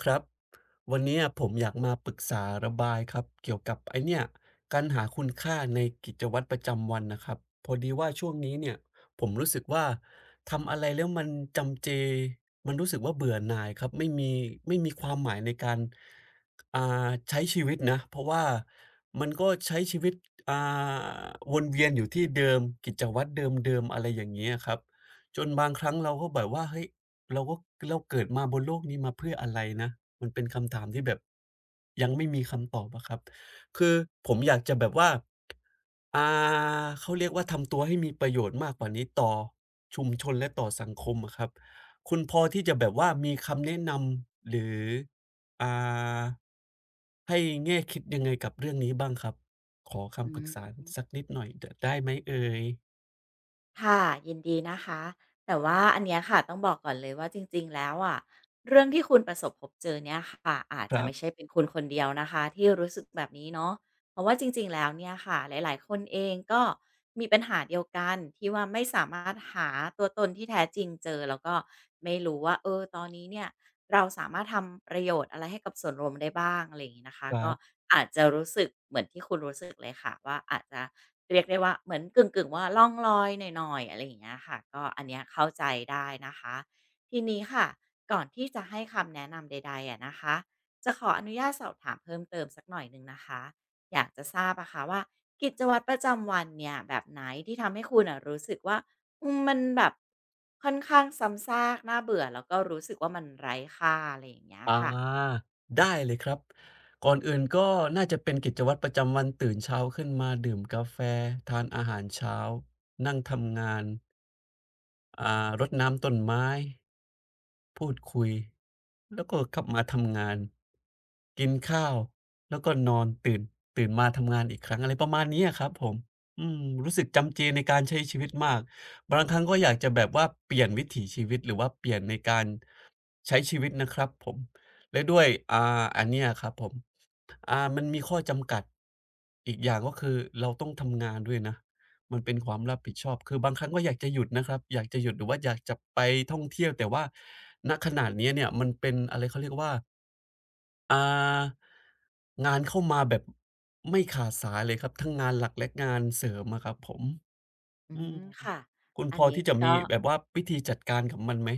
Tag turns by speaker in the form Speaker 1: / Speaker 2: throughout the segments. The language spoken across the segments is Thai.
Speaker 1: ครับ วันเนี้ยผมอยากมาปรึกษาระบายครับ เกี่ยวกับไอ้เนี่ย การหาคุณค่าในกิจวัตรประจำวันน่ะครับ พอดีว่าช่วงนี้เนี่ย ผมรู้สึกว่า ทำอะไรแล้วมันจำเจ มันรู้สึกว่าเบื่อหน่ายครับ ไม่มี ไม่มีความหมายในการ อ่า ใช้ชีวิตนะ เพราะว่ามันก็ใช้ชีวิต อ่า วนเวียนอยู่ที่เดิม กิจวัตรเดิม ๆ อะไรอย่างเงี้ยครับ จนบางครั้งเราก็แบบว่า "เฮ้ย เราว่า เราเกิดมาบนโลกนี้ มาเพื่ออะไรนะ?" มันเป็นคำถามที่แบบ ยังไม่มีคำตอบอะครับ คือผมอยากจะแบบว่า อ่า เขาเรียกว่า ทำตัวให้มีประโยชน์มากกว่านี้ต่อชุมชนและต่อสังคมอะครับ คุณพอที่จะแบบว่ามีคำแนะนำ หรือ อ่า ให้แง่คิดยังไงกับเรื่องนี้บ้างครับ? ขอค
Speaker 2: อ
Speaker 1: ำป
Speaker 2: ื
Speaker 1: รึกษา
Speaker 2: ม
Speaker 1: สักนิดหน่อยเดอะ ได้ไหมเอ่ย?
Speaker 2: ค่ะ ยินดีนะคะ แต่ว่าอันเนี้ยค่ะต้องบอกก่อนเลยว่าจริง ๆ แล้วอะ เรื่องที่คุณประสบพบเจอเนี่ยค่ะ อาจ
Speaker 1: ค
Speaker 2: จ
Speaker 1: ร
Speaker 2: ะ
Speaker 1: ั
Speaker 2: ไม
Speaker 1: บ
Speaker 2: ่ใช่เป็นคุณคนเดียวนะคะที่รู้สึกแบบนี้เนาะ เพราะว่าจริง ๆ แล้วเนี่ยค่ะ หลาย ๆ คนเองก็มีปัญหาเดียวกัน ที่ว่าไม่สามารถหาตัวตนที่แท้จริงเจอ แล้วก็ไม่รู้ว่า เอ่อ ตอนนี้เนี่ยเราสามารถทำประโยชน์อะไรให้กับส่วนรวมได้บ้าง อะไรอย่างงี้นะคะ
Speaker 1: ครั
Speaker 2: ก็
Speaker 1: บ
Speaker 2: อาจจะรู้สึกเหมือนที่คุณรู้สึกเลยค่ะว่า อาจจะเรียกได้ว่า เหมือนกึ่ง ๆ ว่าล่องลอยหน่อย ๆ อะไรอย่างเงี้ยค่ะ ก็ อันเนี้ยเข้าใจได้นะคะ ทีนี้ค่ะ ก่อนที่จะให้คำแนะนำใด ๆ อะนะคะ จะขออนุญาตสอบถามเพิ่มเติมสักหน่อยหนึ่งนะคะ อยากจะทราบอะค่ะว่ากิจวัตรประจำวันเนี่ย แบบไหนที่ทำให้คุณน่ะรู้สึกว่า อืม มันแบบ ค่อนข้างซ้ำซากน่าเบื่อ แล้วก็รู้สึกว่ามันไร้ค่า อะไรอย่างเงี้ย
Speaker 1: อา
Speaker 2: ค่ะ?
Speaker 1: ได้เลยครับ ก่อนอื่นก็น่าจะเป็นกิจวัตรประจำวัน ตื่นเช้าขึ้นมาดื่มกาแฟ ทานอาหารเช้า นั่งทำงาน อ่า รดน้ำต้นไม้ พูดคุย แล้วก็กลับมาทำงาน กินข้าว แล้วก็นอน ตื่น ตื่นมาทำงานอีกครั้ง อะไรประมาณนี้ อะครับผม อืม รู้สึกจำเจในการใช้ชีวิตมาก บางครั้งก็อยากจะแบบว่าเปลี่ยนวิถีชีวิต หรือว่าเปลี่ยนในการใช้ชีวิตนะครับผม แล้วด้วย อ่า อันเนี้ยครับผม อ่า มันมีข้อจำกัดอีกอย่าง ก็คือเราต้องทำงานด้วยนะ มันเป็นความรับผิดชอบ คือบางครั้งก็อยากจะหยุดนะครับ อยากจะหยุดหรือว่าอยากจะไปท่องเที่ยว แต่ว่า ณ ขณะนี้เนี่ยมันเป็น อะไร เขาเรียกว่า อ่า งานเข้ามาแบบไม่ขาดสายเลยครับ ทั้งงานหลักและงานเสริมอะครับผม
Speaker 2: อื
Speaker 1: อื
Speaker 2: ม
Speaker 1: ม
Speaker 2: ค่ะ
Speaker 1: คุณ
Speaker 2: อั
Speaker 1: พ
Speaker 2: น
Speaker 1: อ
Speaker 2: นี้
Speaker 1: ที่จะ
Speaker 2: ก
Speaker 1: ม
Speaker 2: ็
Speaker 1: ีแบบว่าวิธีจัดการกับมันไหม?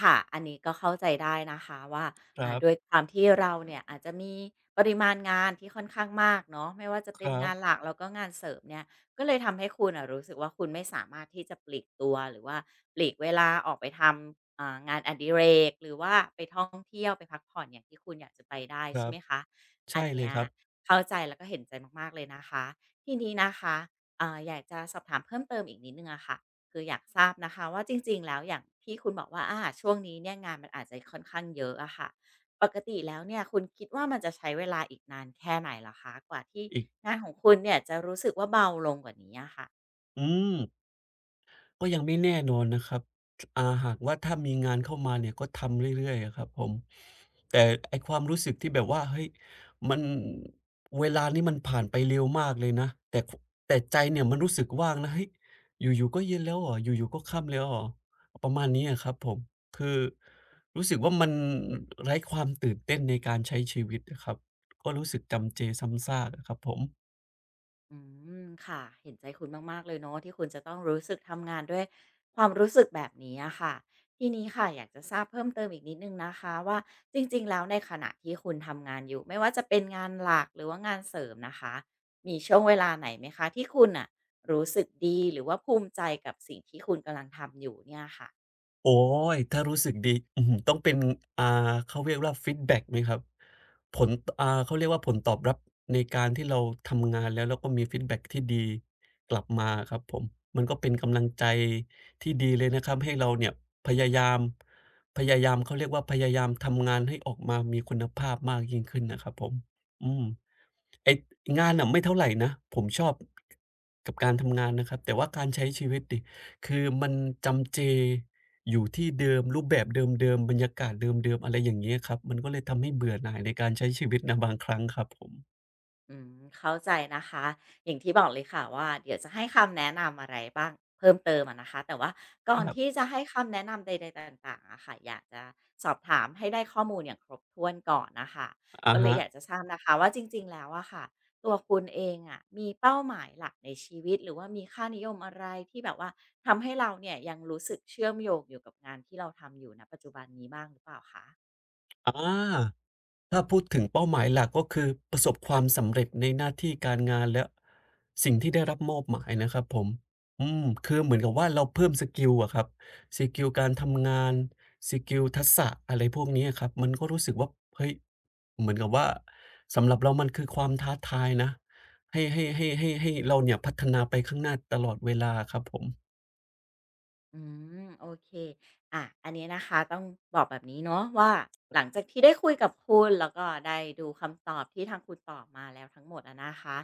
Speaker 2: ค่ะ อันนี้ก็เข้าใจได้นะคะว่า
Speaker 1: ค
Speaker 2: อ
Speaker 1: ร
Speaker 2: ่า
Speaker 1: ับ
Speaker 2: ด้วยความที่เราเนี่ยอาจจะมีปริมาณงานที่ค่อนข้างมากเนาะ ไม่ว่าจะเ
Speaker 1: ค
Speaker 2: ป็
Speaker 1: ร
Speaker 2: น
Speaker 1: ั
Speaker 2: ง
Speaker 1: บ
Speaker 2: านหลักแล้วก็งานเสริมเนี่ย ก็เลยทำให้คุณน่ะรู้สึกว่า คุณไม่สามารถที่จะปลีกตัว หรือว่าปลีกเวลาออกไปทำ อ่า งานอดิเรก หรือว่า ไปท่องเที่ยว ไปพักผ่อนอย่างที่คุณอยากจะไปได้
Speaker 1: ค
Speaker 2: ใ
Speaker 1: ร
Speaker 2: ช
Speaker 1: ั
Speaker 2: ่ไ
Speaker 1: บ
Speaker 2: หมคะ
Speaker 1: ใช
Speaker 2: อ
Speaker 1: ่
Speaker 2: ันเ
Speaker 1: เ
Speaker 2: น
Speaker 1: ล
Speaker 2: ี
Speaker 1: ย
Speaker 2: ้ย
Speaker 1: ครับ
Speaker 2: เข้าใจแล้วก็เห็นใจมาก ๆ เลยนะคะ ทีนี้นะคะ เอ่อ อยากจะสอบถามเพิ่มเติมอีกนิดหนึ่งอะค่ะ คืออยากทราบนะคะว่า จริง ๆ แล้วอย่างที่คุณบอกว่า อา ช่วงนี้เนี่ยงานมันอาจจะค่อนข้างเยอะอะค่ะ ปกติแล้วเนี่ย คุณคิดว่ามันจะใช้เวลาอีกนานแค่ไหนเหรอคะ กว่าที่
Speaker 1: อีก
Speaker 2: งานของคุณเนี่ยจะรู้สึกว่าเบาลงกว่านี้อะค่ะ?
Speaker 1: อืม ก็ยังไม่แน่นอนนะครับ ถ อ่า หากว่าถ้ามีงานเข้ามาเนี่ยก็ทำเรื่อย ๆ อะครับผม แต่ไอ้ความรู้สึกที่แบบว่า เฮ้ย มัน เวลานี้มันผ่านไปเร็วมากเลยนะ แต่ ฝ แต่ใจเนี่ยมันรู้สึกว่างนะ เฮ้ย อยู่ ๆ ก็เย็นแล้วเหรอ อยู่ ๆ ก็ค่ำแล้วเหรอ ประมาณนี้อะครับผม คือรู้สึกว่า มันไร้ความตื่นเต้นในการใช้ชีวิตอะครับ ก็รู้สึกจำเจซ้ำซากอะครับผม
Speaker 2: อืม ค่ะ เห็นใจคุณมาก ๆ เลยเนาะ ที่คุณจะต้องรู้สึกทำงานด้วยความรู้สึกแบบนี้อะค่ะ ทีนี้ค่ะ อยากจะทราบเพิ่มเติมอีกนิดหนึ่งนะคะว่า จริง ๆ แล้วในขณะที่คุณทำงานอยู่ ไม่ว่าจะเป็นงานหลัก หรือว่างานเสริมนะคะ มีช่วงเวลาไหนไหมคะที่คุณน่ะ รู้สึกดีหรือว่าภูมิใจกับสิ่งที่คุณกำลังทำอยู่เนี่ยค่ะ?
Speaker 1: โอ๊ย ถ้ารู้สึกดี อื้อฮือ ต้องเป็น อ่า เขาเรียกว่า ฟีดแบ็กไหมครับ? ผล ต อ่า เขาเรียกว่า ผลตอบรับในการที่เราทำงาน แล้ว แล้วก็มีฟีดแบ็กที่ดีกลับมาอะครับผม มันก็เป็นกำลังใจที่ดีเลยนะครับ ให้เราเนี่ยพยายาม พยายาม เขาเรียกว่า พยายามทำงานให้ออกมามีคุณภาพมากยิ่งขึ้นนะครับผม อืม ไอ้ งานน่ะไม่เท่าไรนะ ผมชอบ กับการทำงานนะครับ แต่ว่าการใช้ชีวิตสิ คือมันจำเจอยู่ที่เดิม รูปแบบเดิม ๆ บรรยากาศเดิม ๆ อะไรอย่างเงี้ยครับ มันก็เลยทำให้เบื่อหน่าย ในการใช้ชีวิตนะ บางครั้งครับผม
Speaker 2: อืม เข้าใจนะคะ อย่างที่บอกเลยค่ะว่า เดี๋ยวจะให้คำแนะนำอะไรบ้างเพิ่มเติมอะนะคะ แต่ว่าก
Speaker 1: เ
Speaker 2: ่
Speaker 1: อ
Speaker 2: อ
Speaker 1: อ
Speaker 2: น
Speaker 1: ครั
Speaker 2: ท
Speaker 1: บ
Speaker 2: ี่จะให้คำแนะนำใด ๆ ต่าง ๆ อะค่ะ อยากจะสอบถามให้ได้ข้อมูลอย่างครบถ้วนก่อนน่ะค่ะ
Speaker 1: อะ
Speaker 2: ก็เล
Speaker 1: ฮ
Speaker 2: ยอ
Speaker 1: ะ
Speaker 2: ยากจะทราบนะคะว่า จริง ๆ แล้วอะค่ะ ตัวคุณเองอะมีเป้าหมายหลักในชีวิต หรือว่ามีค่านิยมอะไร ที่แบบว่าทำให้เราเนี่ย ยังรู้สึกเชื่อมโยงอยู่กับงานที่เราทำอยู่ ณ ปัจจุบันนี้บ้างหรือเปล่าคะ?
Speaker 1: อา ถ้าพูดถึงเป้าหมายหลัก ก็คือประสบความสำเร็จในหน้าที่การ งาน และสิ่งที่ได้รับมอบหมายนะครับผม อืม คือเหมือนกับว่า เราเพิ่มสกิลอะครับ สกิลการทำงาน สกิลทักษะ อะไรพวกนี้ครับ มันก็รู้สึกว่า เฮ้ย เหมือนกับว่า สำหรับเรามันคือความท้าทายนะ ให้ ให้ ให้ ให้ ให้เราเนี่ย พัฒนาไปข้างหน้าตลอดเวลาอะครับผม
Speaker 2: อืม โอเค อา อันเนี้ยนะคะ ต้องบอกแบบนี้เนาะว่า หลังจากที่ได้คุยกับคุณ แล้วก็ได้ดูคำตอบ ที่ทางคุณตอบมาแล้วทั้งหมดอะนะคะ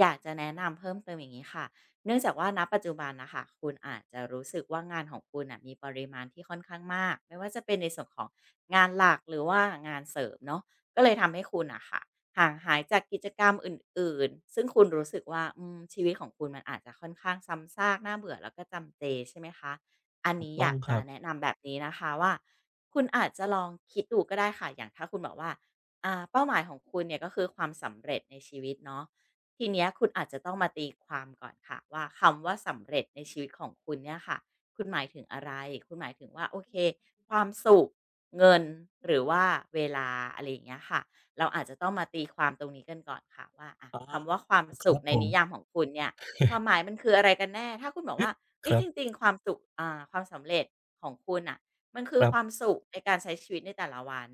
Speaker 2: อยากจะแนะนำเพิ่มเติมอย่างงี้ค่ะ เนื่องจากว่า ณ ปัจจุบันน่ะค่ะ คุณอาจจะรู้สึกว่า งานของคุณน่ะ มีปริมาณที่ค่อนข้างมาก ไม่ว่าจะเป็นในส่วนของงานหลัก หรือว่างานเสริมเนาะ ก็เลยทำให้คุณน่ะค่ะ ห่างหายจากกิจกรรม อื่น ๆ ซึ่งคุณรู้สึกว่า อืม ชีวิตของคุณ มันอาจจะค่อนข้างซ้ำซาก น่าเบื่อ แล้วก็จำเจ ใช่ไหมคะ อัน
Speaker 1: ถ
Speaker 2: น
Speaker 1: ู
Speaker 2: ี
Speaker 1: ก
Speaker 2: ้
Speaker 1: ต
Speaker 2: อย
Speaker 1: ้อ
Speaker 2: า
Speaker 1: ง
Speaker 2: ก
Speaker 1: ค
Speaker 2: จะ
Speaker 1: รับ
Speaker 2: แนะนำแบบนี้นะคะว่า คุณอาจจะลองคิดดูก็ได้ค่ะ อย่างถ้าคุณบอกว่า อ่า เป้าหมายของคุณเนี่ย ก็คือความสำเร็จในชีวิตเนาะ ทีเนี้ยคุณอาจจะต้องมาตีความก่อนค่ะว่า คำว่าสำเร็จในชีวิตของคุณเนี่ยค่ะ คุณหมายถึงอะไร? คุณหมายถึงว่า โอเค ความสุข เงิน หรือว่าเวลา อะไรอย่างเงี้ยค่ะ เราอาจจะต้องมาตีความตรงนี้กันก่อนค่ะว่า อะ
Speaker 1: อา
Speaker 2: คำว่าความ
Speaker 1: อ ค
Speaker 2: สุ
Speaker 1: ร
Speaker 2: ข
Speaker 1: ับ
Speaker 2: ใน
Speaker 1: ผ
Speaker 2: น
Speaker 1: ม
Speaker 2: ิยามของคุณเนี่ย ความหมายมันคืออะไรกันแน่ ถ้าคุณบอกว่า เฮ
Speaker 1: ค
Speaker 2: ้ย
Speaker 1: รั
Speaker 2: จ
Speaker 1: บ
Speaker 2: ริง ๆ ความสุข อ่า ความสำเร็จของคุณน่ะ มันคื
Speaker 1: ค
Speaker 2: อ
Speaker 1: รั
Speaker 2: คว
Speaker 1: บ
Speaker 2: ามสุขในการใช้ชีวิตในแต่ละวัน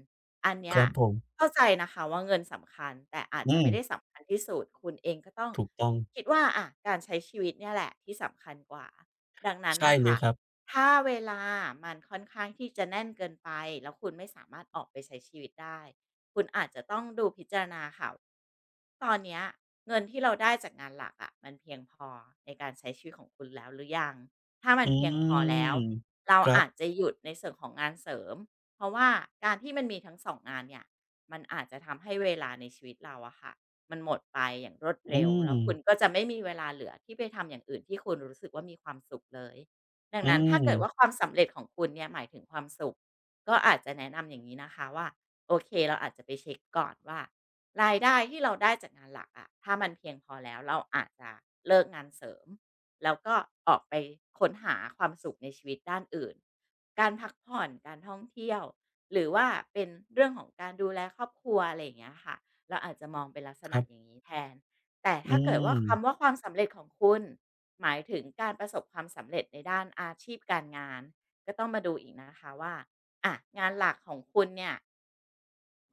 Speaker 2: อันเนี
Speaker 1: ค
Speaker 2: ้ย
Speaker 1: รับผม
Speaker 2: เข้าใจนะคะว่า เงินสำคัญ แต่อาจ
Speaker 1: อื
Speaker 2: จะไม่ไ
Speaker 1: ม
Speaker 2: ด้สำคัญที่สุด คุณเองก็ต้อง
Speaker 1: ถูกต้อง
Speaker 2: คิดว่า อะ การใช้ชีวิตเนี่ยแหละที่สำคัญกว่า ดังนั้น
Speaker 1: ใช
Speaker 2: น
Speaker 1: ่
Speaker 2: ่ะค
Speaker 1: เล
Speaker 2: ่ะ
Speaker 1: ยครับ
Speaker 2: ถ้าเวลามันค่อนข้าง ที่จะแน่นเกินไป แล้วคุณไม่สามารถออกไปใช้ชีวิตได้ คุณอาจจะต้องดูพิจารณาค่ะ ตอนเนี้ยเงินที่เราได้จากงานหลักอะ มันเพียงพอในการใช้ชีวิตของคุณแล้วหรือยัง? ถ้ามั
Speaker 1: อ
Speaker 2: น
Speaker 1: ื
Speaker 2: เพียงพอแล้
Speaker 1: ม
Speaker 2: ว เรา
Speaker 1: ครั
Speaker 2: อ
Speaker 1: บ
Speaker 2: าจจะหยุดในส่วนของงานเสริม เพราะว่าการที่มันมีทั้ง 2 งานเนี่ย มันอาจจะทำให้เวลาในชีวิตเราอะค่ะ มันหมดไปอย่างรวด
Speaker 1: อ
Speaker 2: เร
Speaker 1: ื
Speaker 2: ็ว แล้วคุณ
Speaker 1: ม
Speaker 2: ก็จะไม่มีเวลาเหลือ ที่ไปทำอย่างอื่น ที่คุณรู้สึกว่ามีความสุขเลย ดั
Speaker 1: อ
Speaker 2: งนั้นถ้าเกิดว่
Speaker 1: ืม
Speaker 2: าความสำเร็จของคุณเนี่ยหมายถึงความสุข ก็อาจจะแนะนำอย่างงี้นะคะว่า โอเค เราอาจจะไปเช็กก่อนว่า รายได้ที่เราได้จากงานหลักอะ ถ้ามันเพียงพอแล้ว เราอาจจะเลิกงานเสริม แล้วก็ออกไปค้นหาความสุขในชีวิตด้านอื่น การพักผ่อน การท่องเที่ยว หรือว่าเป็นเรื่องของการดูแลครอบครัว อะไรอย่างเงี้ยค่ะ เราอาจจะมองเป็นลักษ
Speaker 1: ค
Speaker 2: ณ
Speaker 1: ร
Speaker 2: ะ
Speaker 1: ับ
Speaker 2: อย่างนี้แทน แต่
Speaker 1: อ
Speaker 2: ถ
Speaker 1: ื
Speaker 2: ้าเกิดว่าค
Speaker 1: ม
Speaker 2: ำว่า ความสำเร็จของคุณ หมายถึง การประสบความสำเร็จในด้านอาชีพการงาน ก็ต้องมาดูอีกนะคะว่า อะ งานหลักของคุณเนี่ย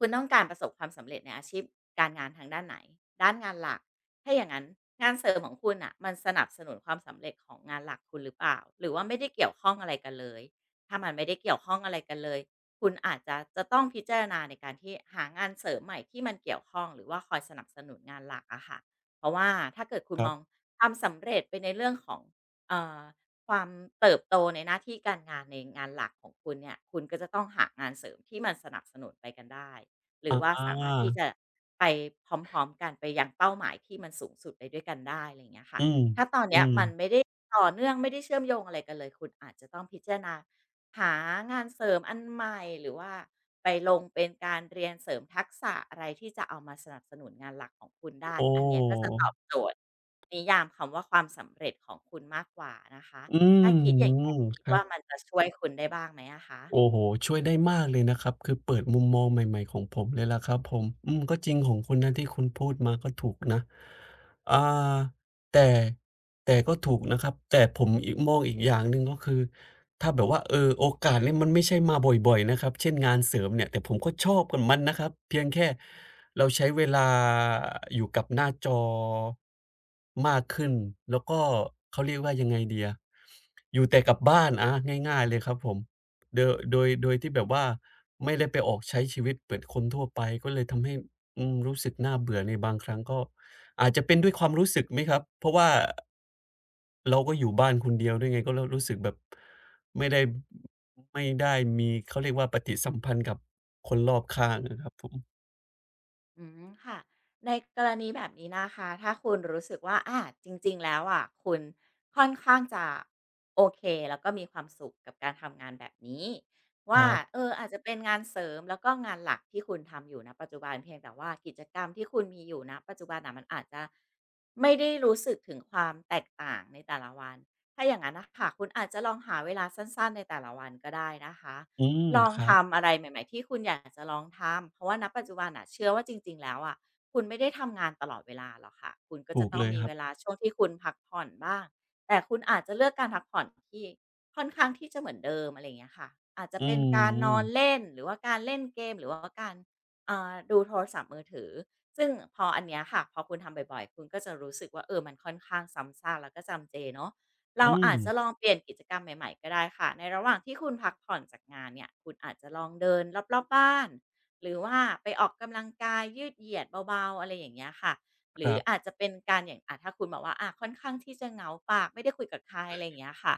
Speaker 2: คุณต้องการประสบความสำเร็จในอาชีพการงานทางด้านไหน ด้านงานหลัก ถ้าอย่างนั้นงานเสริมของคุณน่ะ มันสนับสนุนความสำเร็จของงานหลักคุณหรือเปล่า หรือว่าไม่ได้เกี่ยวข้องอะไรกันเลย ถ้ามันไม่ได้เกี่ยวข้องอะไรกันเลย คุณอาจจะ จะต้องพิจารณาในการที่หางานเสริมใหม่ที่มันเกี่ยวข้อง หรือว่าคอยสนับสนุนงานหลักอะค่ะ เพราะว่าถ้าเกิดคุณ
Speaker 1: ครั
Speaker 2: ม
Speaker 1: บ
Speaker 2: องความสำ เร็จไปในเรื่องของ เอ่อ ความเติบโตในหน้าที่การงานในงานหลักของคุณเนี่ย คุณก็จะต้องหางานเสริมที่มันสนับสนุนไปกันได้ หรื
Speaker 1: อ
Speaker 2: อว่าสามารถที่จ
Speaker 1: า
Speaker 2: ะไปพร้อม ๆ กัน ไปยังเป้าหมายที่มันสูงสุดไปด้วยกันได้ อะไรอย่างเงี้ยค่ะ
Speaker 1: อืม
Speaker 2: ถ้าตอนเ
Speaker 1: อ
Speaker 2: น
Speaker 1: ื
Speaker 2: ี้ยมัน
Speaker 1: ม
Speaker 2: ไม่ได้ต่อเนื่อง ไม่ได้เชื่อมโยงอะไรกันเลย คุณอาจจะต้องพิจารณาหางานเสริมอันใหม่ หรือว่าไปลงเป็นการเรียนเสริมทักษะอะไรที่จะเอามาสนับสนุนงานหลักของคุณได้
Speaker 1: โอ้
Speaker 2: อันเนี้ยก็จะตอบโจทย์นิยามคำว่าความสำเร็จของคุณมากกว่านะคะ
Speaker 1: อื
Speaker 2: ถ้
Speaker 1: ม
Speaker 2: าคิดอย่างเงี้ย คิด
Speaker 1: ครั
Speaker 2: ว่า
Speaker 1: บ
Speaker 2: มันจะช่วยคุณได้บ้างไหมอะคะ?
Speaker 1: โอ้โฮ ช่วยได้มากเลยนะครับ คือเปิดมุมมองใหม่ ๆ ของผมเลยล่ะครับผม อืม ก็จริง ของคุณนะ ที่คุณพูดมาก็ถูกนะ อ่า แต่ แต่ก็ถูกนะครับ แต่ผมอีก มองอีกอย่างหนึ่งเนาะ คือถ้าแบบว่า เออ โอกาสนี้มันไม่ใช่มาบ่อย ๆ นะครับ เช่น งานเสริมเนี่ย แต่ผมก็ชอบกับมันนะครับ เพียงแค่เราใช้ เวลา อยู่กับหน้า จอ มากขึ้น แล้วก็ เขาเรียกว่ายังไงดีอะ อยู่แต่กับบ้าน อา ง่าย ๆ เลยครับผม โด โดย โดยที่แบบว่า ไม่ได้ไปออกใช้ชีวิตเหมือน คนทั่วไปก็เลย ทำให้ อืม รู้สึกน่าเบื่อในบางครั้งก็ อาจจะเป็นด้วยความรู้สึกไหมครับ เพราะว่า เราก็อยู่บ้านคนเดียวด้วยไง ก็แล้วรู้สึกแบบไม่ได้ อ ไม่ได้มี เขาเรียกว่าปฏิสัมพันธ์กับคนรอบข้างอะครับผม
Speaker 2: อืม ค่ะ ในกรณีแบบนี้นะคะ ถ้าคุณรู้สึกว่า อา จริง ๆ แล้วอะ คุณค่อนข้างจะโอเค แล้วก็มีความสุขกับการทำงานแบบนี้ว
Speaker 1: ค
Speaker 2: ่า
Speaker 1: รับ
Speaker 2: เออ อาจจะเป็นงานเสริม แล้วก็งานหลักที่คุณทำอยู่ ณ ปัจจุบัน เพียงแต่ว่ากิจกรรมที่คุณมีอยู่ ณ ปัจจุบันอะ มันอาจจะไม่ได้รู้สึกถึงความแตกต่างในแต่ละวัน ถ้าอย่างนั้นน่ะค่ะ คุณอาจจะลองหาเวลาสั้น ๆ ในแต่ละวันก็ได้นะคะ
Speaker 1: อืม
Speaker 2: ลอง
Speaker 1: ครั
Speaker 2: ท
Speaker 1: บ
Speaker 2: ำอะไรใหม่ ๆ ที่คุณอยากจะลองทำ เพราะว่า ณ ปัจจุบันเชื่อว่า จริง ๆ แล้วอะ คุณไม่ได้ทำงานตลอดเวลาหรอกค่ะ คุณก็
Speaker 1: ถ
Speaker 2: จ
Speaker 1: ู
Speaker 2: ะ
Speaker 1: ก
Speaker 2: ต้อ
Speaker 1: เ
Speaker 2: ง
Speaker 1: ลย
Speaker 2: มี
Speaker 1: คร
Speaker 2: เ
Speaker 1: ั
Speaker 2: ว
Speaker 1: บ
Speaker 2: ลาช่วงที่คุณพักผ่อนบ้าง แต่คุณอาจจะเลือกการพักผ่อนที่ ค่อนข้างที่จะเหมือนเดิม อะไรอย่างเงี้ยค่ะ อาจจะ
Speaker 1: อื
Speaker 2: เป็นการนอน
Speaker 1: ม
Speaker 2: เล่น หรือว่าการเล่นเกม หรือว่าการ เอ่อ ดูโทรศัพท์มือถือ ซึ่งพออันเนี้ยค่ะ พอคุณทำบ่อย ๆ คุณก็จะรู้สึกว่า เออ มันค่อนข้างซ้ำซาก แล้วก็จำเจเนาะ เ
Speaker 1: อ
Speaker 2: ร
Speaker 1: ื
Speaker 2: าอาจจะ
Speaker 1: ม
Speaker 2: ลองเปลี่ยนกิจกรรมใหม่ ๆ ก็ได้ค่ะ ในระหว่างที่คุณพัก ผ่อนจากงานเนี่ย คุณอาจจะลองเดินรอบ ๆ บ้าน หรือว่าไปออกกำลังกายยืดเหยียดเบา ๆ อะไรอย่างเงี้ยค่ะ หร
Speaker 1: ค
Speaker 2: ื
Speaker 1: ร
Speaker 2: อ
Speaker 1: ับ
Speaker 2: อาจจะเป็นการอย่าง อะถ้าคุณบอกว่า อะค่อนข้างที่จะเหงาปาก ไม่ได้คุยกับใคร อะไรอย่างเงี้ยค่ะ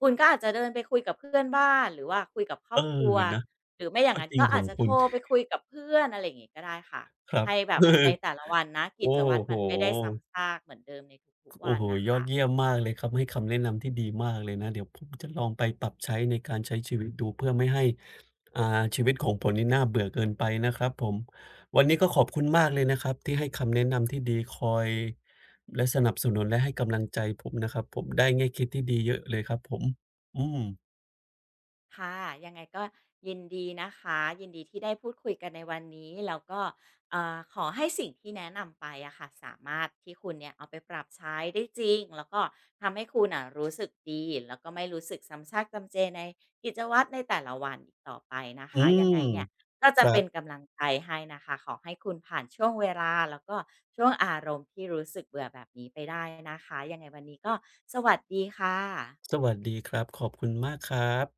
Speaker 2: คุณก็อาจจะเดินไปคุยกับเพื่อนบ้าน หรือว่าคุยกับคร
Speaker 1: เอ
Speaker 2: อ
Speaker 1: อ
Speaker 2: บครัว
Speaker 1: นะ
Speaker 2: หรือไม่อย่
Speaker 1: ก
Speaker 2: า
Speaker 1: ็
Speaker 2: งนั้
Speaker 1: จ
Speaker 2: น
Speaker 1: ริง
Speaker 2: ก็
Speaker 1: ข
Speaker 2: อ
Speaker 1: อ
Speaker 2: า
Speaker 1: ง
Speaker 2: จจะ
Speaker 1: คุ
Speaker 2: โท
Speaker 1: ณ
Speaker 2: รไปคุยกับเพื่อน อะไรอย่างนี้ก็ได้ค่ะ
Speaker 1: ครั
Speaker 2: ให
Speaker 1: บ
Speaker 2: ้แบบในแต่ละวันนะ
Speaker 1: โ
Speaker 2: ก
Speaker 1: อ
Speaker 2: ิ
Speaker 1: ้
Speaker 2: จวัตร
Speaker 1: โฮ
Speaker 2: มันไม่ได้ซ้ำซากเหมือนเดิมในทุ
Speaker 1: ค
Speaker 2: ก ๆ
Speaker 1: โ
Speaker 2: ว
Speaker 1: อ้
Speaker 2: ัน
Speaker 1: โฮ
Speaker 2: น่ะ
Speaker 1: ย
Speaker 2: ค
Speaker 1: อ
Speaker 2: ่
Speaker 1: ด
Speaker 2: ะ
Speaker 1: เยี่ยมมากเลยครับ ให้คำแนะนำที่ดีมากเลยนะ เดี๋ยวผมจะลองไปปรับใช้ในการใช้ชีวิตดู เพื่อไม่ให้ อ่า ชีวิตของผนนี่น่าเบื่อเกินไปนะครับผม วันนี้ก็ขอบคุณมากเลยนะครับที่ให้คำแนะนำที่ดี คอย และสนับสนุน และให้กำลังใจผมนะครับผม ได้แง่คิดที่ดีเยอะเลยครับผม อืม
Speaker 2: ค่ะ ยังไงก็ยินดีนะคะ ยินดีที่ได้พูดคุยกันในวันนี้ แล้วก็ เอ่อ ขอให้สิ่งที่แนะนำไปอะค่ะ สามารถที่คุณเนี่ยเอาไปปรับใช้ได้จริง แล้วก็ทำให้คุณน่ะรู้สึก ดี แล้วก็ไม่รู้สึกซ้ำซากจำเจในกิจวัตรในแต่ละวันอีกต่อไปนะค
Speaker 1: อื
Speaker 2: ะ ยั
Speaker 1: ม
Speaker 2: งไงเนี่ยก็จ
Speaker 1: ค
Speaker 2: ะ
Speaker 1: รั
Speaker 2: เป็
Speaker 1: บ
Speaker 2: นกำลังใจให้นะคะ ขอให้คุณผ่านช่วงเวลา แล้วก็ช่วงอารมณ์ที่รู้สึกเบื่อแบบนี้ไปได้นะคะ ยังไงวันนี้ก็สวัสดีค่ะ
Speaker 1: สวัสดีครับ ขอบคุณมากครับ